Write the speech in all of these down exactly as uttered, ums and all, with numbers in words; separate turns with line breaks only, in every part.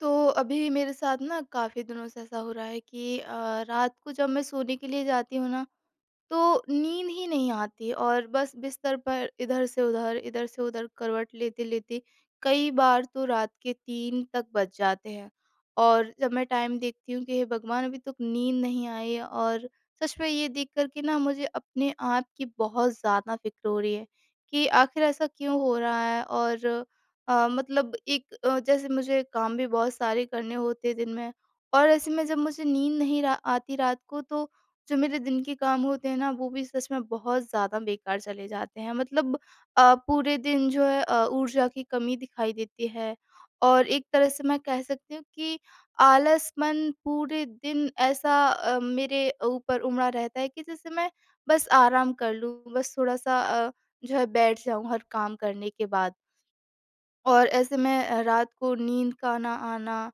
तो अभी मेरे साथ ना काफ़ी दिनों से ऐसा हो रहा है कि अ, रात को जब मैं सोने के लिए जाती हूँ ना तो नींद ही नहीं आती और बस बिस्तर पर इधर से उधर, इधर से उधर करवट लेते-लेते कई बार तो रात के तीन तक बज जाते हैं। और जब मैं टाइम देखती हूँ कि हे भगवान अभी तक नींद नहीं आई है और सच में ये देख कर के ना मुझे अपने आप की बहुत ज़्यादा फ़िक्र हो रही है कि आख़िर ऐसा क्यों हो रहा है और अ, मतलब एक अ, जैसे मुझे काम भी बहुत सारे करने होते हैं दिन में। और ऐसे में जब मुझे नींद नहीं रा आती रात को तो जो मेरे दिन के काम होते हैं ना, वो भी सच में बहुत ज़्यादा बेकार चले जाते हैं। मतलब अ, पूरे दिन जो है अ, ऊर्जा की कमी दिखाई देती है और एक तरह से मैं कह सकती हूँ कि आलस मन पूरे दिन ऐसा अ, मेरे ऊपर उमड़ा रहता है कि जैसे मैं बस आराम कर लूँ बस थोड़ा-सा अ, जो है बैठ जाऊँ हर काम करने के बाद। और ऐसे मैं अ, रात को नींद का ना आना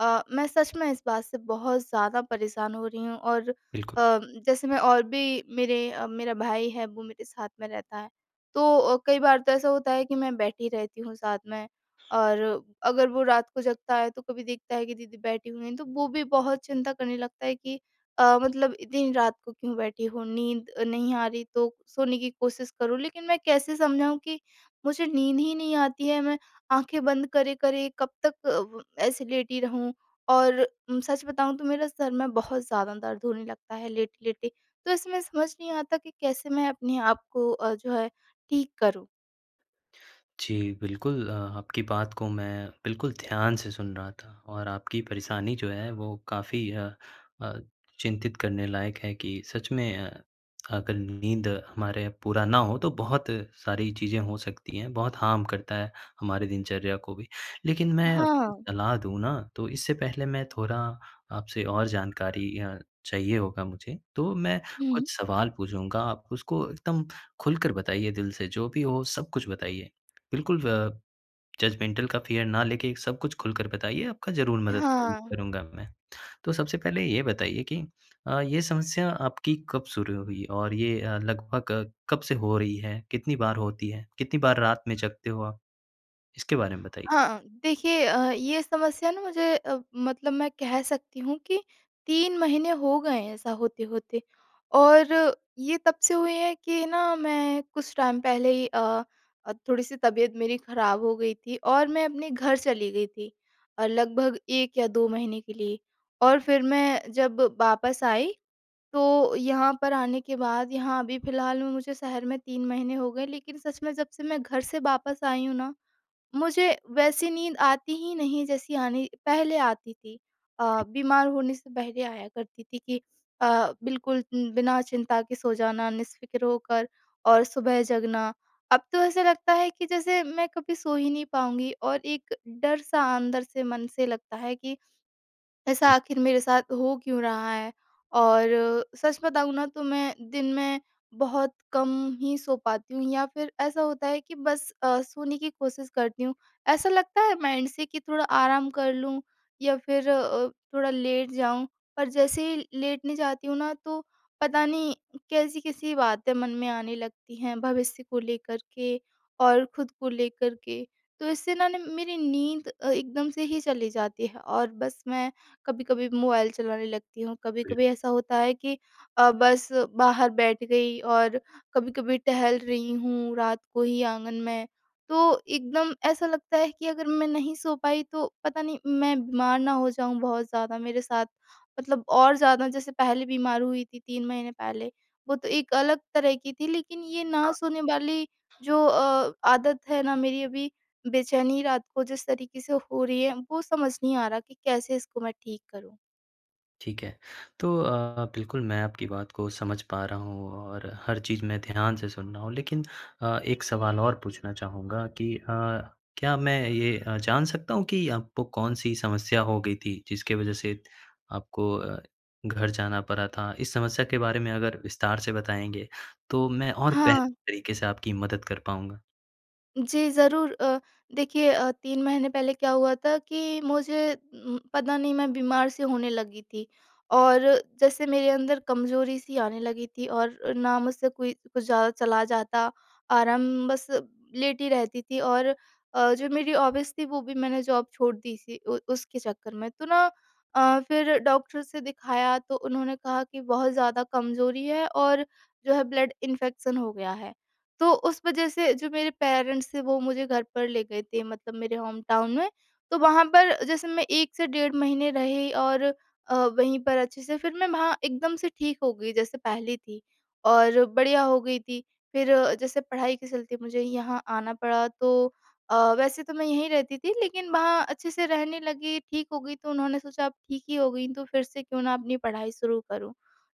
अ, मैं सच में इस बात से बहुत ज़्यादा परेशान हो रही हूँ। और अ,
बिल्कुल।
जैसे मैं और भी मेरे अ, मेरा भाई है वो मेरे साथ में रहता है तो अ, कई बार तो ऐसा होता है कि मैं बैठी रहती हूँ साथ में और अगर वो रात को जगता है तो कभी देखता है कि दीदी बैठी हुई तो वो भी बहुत चिंता करने लगता है कि अ, मतलब इतनी रात को क्यों बैठी हूँ नींद अ, नहीं आ रही तो सोने की कोशिश करूँ। लेकिन मैं कैसे समझाऊँ कि मुझे नींद ही नहीं आती है। मैं आँखें बंद करे-करे कब तक व ऐसे लेटी रहूँ और उम, सच बताऊँ तो मेरे सिर में बहुत ज़्यादा दर्द होने लगता है लेटे-लेटे। तो इसमें समझ नहीं आता कि कैसे मैं अपने आप को अ, जो है ठीक करूँ।
जी, बिल्कुल अ, आपकी बात को मैं बिल्कुल ध्यान से सुन रहा था और आपकी परेशानी जो है, वो काफ़ी अ अ, चिंतित करने लायक है कि सच में अ, अगर नींद हमारे पूरा ना हो, तो बहुत सारी चीज़ें हो सकती हैं, बहुत हार्म करता है, हमारे दिनचर्या को भी। लेकिन मैं आपको
हाँ।
सलाह दूँ ना, तो इससे पहले मैं थोड़ा आपसे और जानकारी अ, चाहिए होगा मुझे, तो मैं
हुँ।
कुछ सवाल पूछूँगा, आप उसको एकदम खुलकर बताइए दिल से, जो भी हो, सब कुछ बताइए। बिल्कुल व जजमेंटल का फ़ियर ना लेके, सब कुछ खुलकर बताइए, आपका ज़रूर मदद करूँ
हाँ।
करूँगा मैं। तो सबसे पहले ये बताइए कि अ, ये समस्या आपकी कब शुरू हुई और ये अ, लगभग कब से हो रही है? कितनी बार होती है? कितनी बार रात में जागते हो आप? इसके बारे में बताइए।
हाँ, देखिए अ, ये समस्या ना मुझे अ, मतलब मैं कह सकती हूँ कि तीन महीने हो गए हैं, ऐसा होते-होते और ये तब से हुई है कि ना, मैं कुछ टाइम पहले ही अ अ, थोड़ी-सी तबीयत मेरी खराब हो गई थी और मैं अपने घर चली गई थी और लगभग एक या दो महीने के लिए और फिर मैं जब वापस आई, तो यहाँ पर आने के बाद, यहाँ अभी फिलहाल में मुझे शहर में तीन महीने हो गए। लेकिन सच में जब से मैं घर से वापस आई हूँ ना, मुझे वैसी नींद आती ही नहीं, जैसी आनी पहले आती थी अ,
जी।
बीमार होने से पहले आया करती थी कि अ, बिल्कुल उम, बिना चिंता के सो जाना, निश्फ़िक्र होकर और सुबह जगना। अब तो ऐसा लगता है कि जैसे मैं कभी सो ही नहीं पाऊँगी और एक डर-सा अंदर से मन से लगता है कि, "ऐसा
हुँ।
आखिर मेरे साथ हो क्यों रहा है?" और सच बताऊँ ना, तो मैं दिन में बहुत कम ही सो पाती हूँ या फिर ऐसा होता है कि बस अ, सोने की कोशिश करती हूँ। ऐसा लगता है माइंड से कि थोड़ा आराम कर लूँ या फिर अ, थोड़ा लेट जाऊँ, पर जैसे ही लेटने जाती हूँ ना, तो पता नहीं, कैसी-कैसी बातें मन में आने लगती हैं, भविष्य को लेकर के और खुद को लेकर के। तो इससे ना, ने मेरी नींद अ, एकदम से ही चली जाती है और बस मैं कभी-कभी मोबाइल चलाने लगती हूँ,
बिल
कभी-कभी ऐसा होता है कि अ, बस बाहर बैठ गई और कभी-कभी टहल रही हूँ, रात को ही आँगन में। तो एकदम ऐसा लगता है कि अगर मैं नहीं सो पाई, तो पता नहीं, मैं बीमार ना हो जाऊँ बहुत ज़्यादा, मेरे साथ मतलब और ज़्यादा, जैसे पहले बीमार हुई थी, तीन महीने पहले, वो तो एक अलग तरह की थी, लेकिन ये ना
हाँ।
सोने वाली जो अ, आदत है ना मेरी अभी, बेचैनी रात को जिस तरीके से हो रही है, वो समझ नहीं आ रहा कि कैसे इसको मैं ठीक करूँ।
ठीक है। तो अ, बिल्कुल मैं आपकी बात को समझ पा रहा हूँ और हर चीज़ मैं ध्यान से सुन रहा हूँ लेकिन अ, एक सवाल और पूछना चाहूँगा कि अ, क्या मैं ये अ, जान सकता हूँ कि आपको कौन-सी समस्या हो गई थी जिसके वजह से आपको अ, घर जाना पड़ा था? इस समस्या के बारे में अगर विस्तार से बताएँगे तो मैं और बेहतर
हाँ।
तरीके से आपकी मदद कर पाऊँगा।
जी ज़रूर अ, देखिए अ, तीन महीने पहले क्या हुआ था कि मुझे उम, पता नहीं मैं बीमार-सी होने लगी थी। और जैसे मेरे अंदर कमज़ोरी-सी आने लगी थी और ना मुझसे कोई कुछ ज़्यादा चला जाता आराम बस लेटी ही रहती थी और अ, जो मेरी हॉबीज़ थी वो भी मैंने जॉब छोड़ दी थी उ उसके चक्कर में। तो ना अ, फ़िर डॉक्टर से दिखाया तो उन्होंने कहा कि बहुत ज़्यादा कमजोरी है और जो है ब्लड इन्फेक्शन हो गया है। तो उस वजह से जो मेरे पेरेंट्स थे वो मुझे घर पर ले गए थे मतलब मेरे होम टाउन में। तो वहाँ पर जैसे मैं एक से डेढ़ महीने रही और अ, वहीं पर अच्छे से फ़िर मैं वहाँ एकदम से ठीक हो गई जैसे पहली थी। और बढ़िया हो गई थी फ़िर जैसे पढ़ाई के चलते मुझे यहाँ आना पड़ा तो अ, वैसे तो मैं यहीं रहती थी लेकिन वहाँ अच्छे से रहने लगी ठीक हो गई तो उन्होंने सोचा अब ठीक ही हो गई तो फ़िर से क्यों ना अपनी पढ़ाई शुरू करूँ।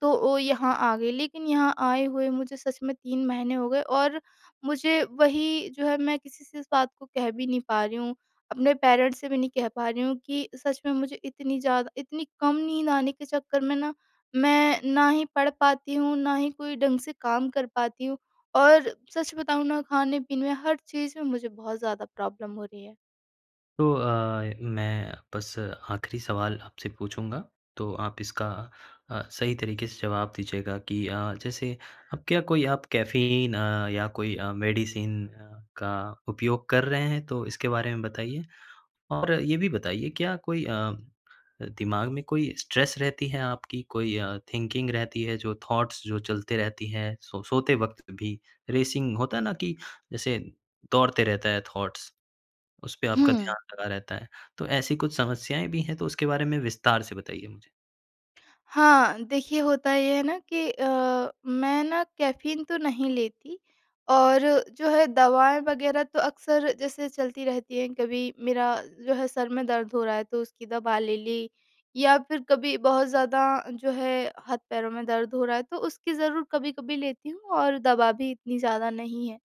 तो ओ, यहाँ आ गई लेकिन यहाँ आए हुए मुझे सच में तीन महीने हो गए और मुझे वही जो है मैं किसी से इस बात को कह भी नहीं पा रही हूँ। अपने पेरेंट्स से भी नहीं कह पा रही हूँ कि सच में मुझे इतनी ज़्यादा इतनी कम नींद आने के चक्कर में ना मैं ना ही पढ़ पाती हूँ ना ही कोई ढंग से काम कर पाती हूँ और सच बताऊँ, ना खाने-पीने में हर चीज में मुझे बहुत ज़्यादा प्रॉब्लम हो रही है।
तो अ, मैं बस आख़िरी सवाल आपसे पूछूँगा, तो आप इसका अ, सही तरीके से जवाब दीजिएगा कि अ, जैसे अब क्या कोई आप कैफ़ीन अ, या कोई अ, मेडिसिन अ, का उपयोग कर रहे हैं, तो इसके बारे में बताइए। और ये भी बताइए क्या कोई अ, दिमाग में कोई स्ट्रेस रहती है आपकी, कोई अ, थिंकिंग रहती है जो थॉट्स जो चलते रहती है, सो सोते वक़्त भी रेसिंग होता है ना कि जैसे दौड़ते रहता है थॉट्स, उसपे आपका
हुँ।
ध्यान लगा रहता है? तो ऐसी कुछ समस्याएँ भी हैं तो उसके बारे में विस्तार से बताइए मुझे?
हाँ, देखिए होता ये है ना कि अ, मैं ना कैफ़ीन तो नहीं लेती और जो है दवाएँ वग़ैरह तो अक्सर जैसे चलती रहती हैं। कभी मेरा जो है सर में दर्द हो रहा है तो उसकी दवा ले ली या फिर कभी बहुत ज़्यादा जो है हाथ-पैरों में दर्द हो रहा है तो उसकी ज़रूर कभी-कभी लेती हूँ और दवा भी इतनी ज़्यादा नहीं है।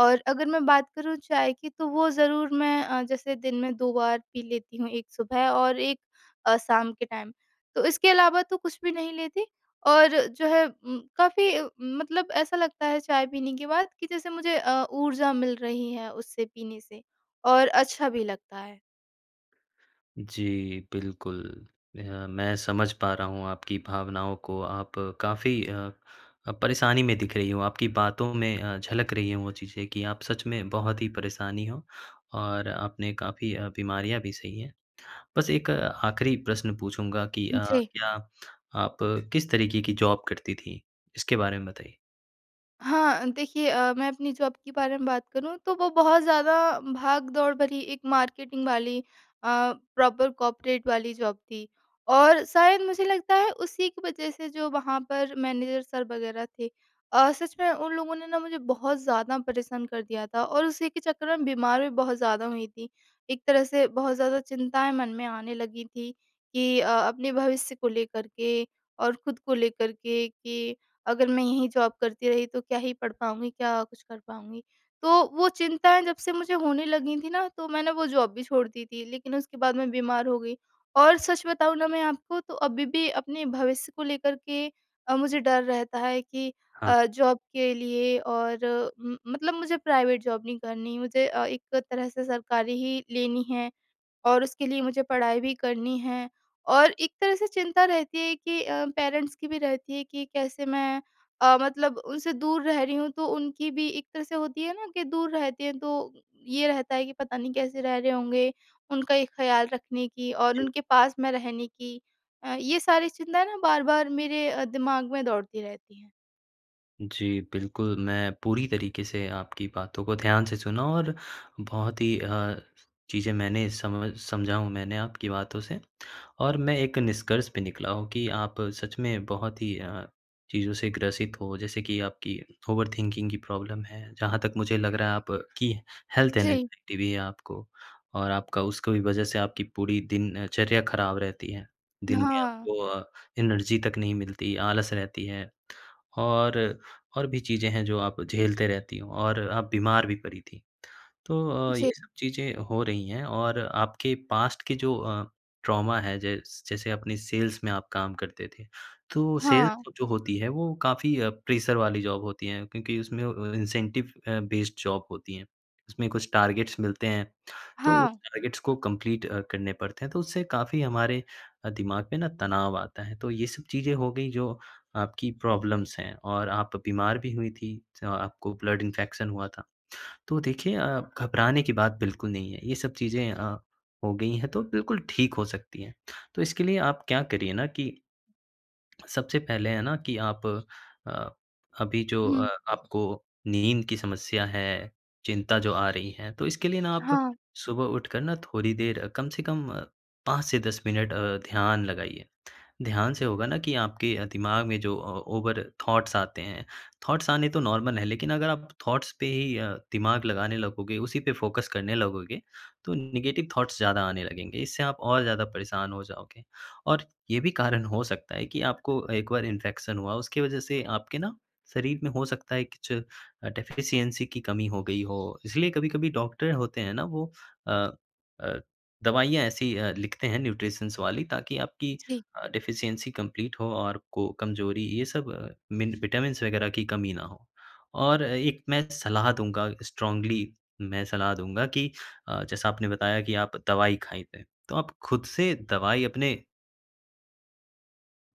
और अगर मैं बात करूँ चाय की तो वो ज़रूर मैं अ, जैसे दिन में दो बार पी लेती हूँ एक सुबह और एक अ, शाम के टाइम। तो इसके अलावा तो कुछ भी नहीं लेती और जो है म काफ़ी मतलब ऐसा लगता है चाय पीने के बाद कि जैसे मुझे अ, ऊर्जा मिल रही है उससे पीने से और अच्छा भी लगता है।
जी, बिल्कुल। अ, मैं समझ पा रहा हूँ आपकी भावनाओं को। आप काफ़ी अ अ, परेशानी में दिख रही हो। आपकी बातों में अ, झलक रही है वो चीज़ें कि आप सच में बहुत ही परेशानी हो और आपने काफ़ी अ, बीमारियाँ भी सही हैं। बस एक आख़िरी प्रश्न पूछूँगा कि अ,
जी।
क्या आप किस तरीके की जॉब करती थी? इसके बारे में बताइए।
हाँ, देखिए अ, मैं अपनी जॉब के बारे में बात करूँ तो वो बहुत ज़्यादा भाग-दौड़ भरी एक मार्केटिंग वाली अ, प्रॉपर कॉपरेट वाली जॉब थी। और शायद मुझे लगता है उसी की वजह से जो वहाँ पर मैनेजर सर वग़ैरह थे अ, सच में उन लोगों ने ना मुझे बहुत ज़्यादा परेशान कर दिया था और उसी के चक्कर में बीमार भी बहुत ज़्यादा हुई थी। एक तरह से बहुत ज़्यादा चिंताएँ मन में आने लगी थी कि अ, अपने भविष्य को लेकर के और खुद को लेकर के कि अगर मैं यही जॉब करती रही तो क्या ही पढ़ पाऊँगी, क्या कुछ कर पाऊँगी। तो वो चिंताएँ जब से मुझे होने लगी थी ना, तो मैंने वो जॉब भी छोड़ दी थी लेकिन उसके बाद मैं बीमार हो गई और सच बताऊँ ना मैं आपको, तो अभी भी अपने भविष्य को लेकर के अ, मुझे डर रहता है कि
हाँ।
अ, जॉब के लिए और उम, मतलब मुझे प्राइवेट जॉब नहीं करनी, मुझे अ, एक तरह से सरकारी ही लेनी है और उसके लिए मुझे पढ़ाई भी करनी है। और एक तरह से चिंता रहती है कि अ, पेरेंट्स की भी रहती है कि कैसे मैं अ, मतलब उनसे दूर रह रही हूँ तो उनकी भी एक तरह से होती है ना कि दूर रहते हैं तो ये रहते हैं कि पता नहीं कैसे रह रहे होंगे। उनका ये ख़्याल रखने की और
जी।
उनके पास में रहने की अ, ये सारी चिंताएँ ना बार-बार मेरे अ, दिमाग में दौड़ती रहती हैं।
जी, बिल्कुल। मैं पूरी तरीके से आपकी बातों को ध्यान से सुना और बहुत ही अ, चीज़ें मैंने समझ समझा हूँ मैंने आपकी बातों से। और मैं एक निष्कर्ष पे निकला हूँ कि आप सच में बहुत ही अ, चीज़ों से ग्रसित हो। जैसे कि आपकी ओवरथिंकिंग की प्रॉब्लम हैं। जहाँ तक मुझे लग रहा है आप की हेल्थ
जी।
एंग्जायटी भी है आपको। और आपका उसका भी वजह से आपकी पूरी दिनचर्या खराब रहती है। दिन में
हाँ।
आपको अ, एनर्जी तक नहीं मिलती, आलस रहती है। और, और भी चीज़ें हैं जो आप झेलते रहती हो और आप बीमार भी पड़ी थी। तो अ,
जी।
ये सब चीज़ें हो रही हैं। और आपके पास्ट के जो अ, ट्रॉमा है जैस जैसे अपने सेल्स में आप काम करते थे। तो
हाँ।
सेल्स जो होती है वो काफ़ी प्रेशर वाली जॉब होती है, क्योंकि उसमें व अ, इंसेंटिव अ, बेस्ड जॉब होती है। उसमें कुछ टारगेट्स मिलते हैं। तो उस
हाँ।
टारगेट्स को कंप्लीट अ, करने पड़ते हैं तो उससे काफ़ी हमारे अ, दिमाग पे ना तनाव आता है। तो ये सब चीज़ें हो गई जो आपकी प्रॉब्लम्स हैं और आप बीमार भी हुई थी। स्मा आपको ब्लड इंफेक्शन हुआ था। तो देखिए अ, घबराने की बात बिल्कुल नहीं है, ये सब चीज़ें अ, हो गई है तो बिल्कुल ठीक हो सकती है। तो इसके लिए आप क्या करिए ना कि सबसे पहले है ना कि आप अ, अभी जो अ,
हुँ।
आपको नींद की समस्या है, चिंता जो आ रही है, तो इसके लिए ना आप
हाँ।
सुबह उठकर ना थोड़ी देर कम से कम पाँच से दस मिनट अ, ध्यान लगाइए। ध्यान से होगा ना कि आपके दिमाग में जो अ, ओवर थॉट्स आते हैं। थॉट्स आने तो नॉर्मल है। लेकिन अगर आप थॉट्स पे ही अ, दिमाग लगाने लगोगे, उसी पे फोकस करने लगोगे तो नेगेटिव थॉट्स ज़्यादा आने लगेंगे। इससे आप और ज़्यादा परेशान हो जाओगे। और ये भी कारण हो सकता है कि आपको एक बार इंफेक्शन हुआ उसकी वजह से आपके ना शरीर में हो सकता है कि ज अ, डेफिशिएंसी की कमी हो गई हो। इसलिए कभी-कभी डॉक्टर होते है ना वो अ अ, दवाइयाँ ऐसी अ, लिखते हैं न्यूट्रिशंस वाली ताकि आपकी
जी।
अ, डेफिशिएंसी कंप्लीट हो और को कमजोरी ये सब अ, मिन विटामिन्स वग़ैरह की कमी ना हो। और एक मैं सलाह दूँगा स्ट्रांगली, मैं सलाह दूँगा कि अ, जैसा आपने बताया कि आप दवाई खाइ तै तो आप खुद से दवाई अपने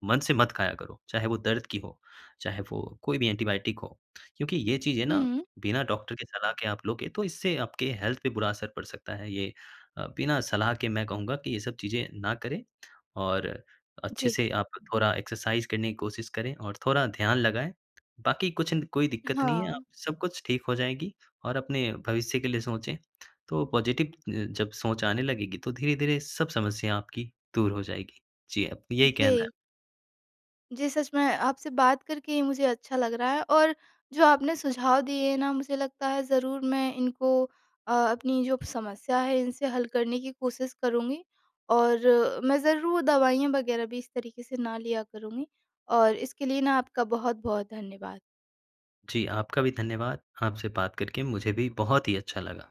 मन से मत खाया करो। चाहे वो दर्द की हो, चाहे वो कोई भी एंटीबायोटिक हो। क्योंकि ये चीज़ें ना
हुँ।
बिना डॉक्टर के सलाह के आप लोगे तो इससे आपके हेल्थ पे बुरा असर पड़ सकता है। ये अ, बिना सलाह के मैं कहूँगा कि ये सब चीज़ें ना करें। और अच्छे
जी।
से आप थोड़ा एक्सरसाइज़ करने की कोशिश करें और थोड़ा ध्यान लगाएँ। बाकी कुछ अंद कोई दिक्कत नहीं है। आप
हाँ।
सब कुछ ठीक हो जाएगी और अपने भविष्य के लिए सोचे। तो पॉजिटिव जब सोच आने लगेगी तो धीरे-धीरे सब समस्या आपकी दूर हो जाएगी। जी, आप कि यही कहना है।
जी। जी, सच में आपसे बात करके ही मुझे अच्छा लग रहा है। और जो आपने सुझाव दिए ना मुझे लगता है ज़रूर मैं इनको अ, अपनी जो समस्या है इनसे हल करने की कोशिश करूँगी। और मैं ज़रूर दवाइयाँ वग़ैरह भी इस तरीक़े से ना लिया करूँगी और इसके लिए ना आपका बहुत-बहुत धन्यवाद।
जी, आपका भी धन्यवाद। आपसे बात करके मुझे भी बहुत ही अच्छा लगा।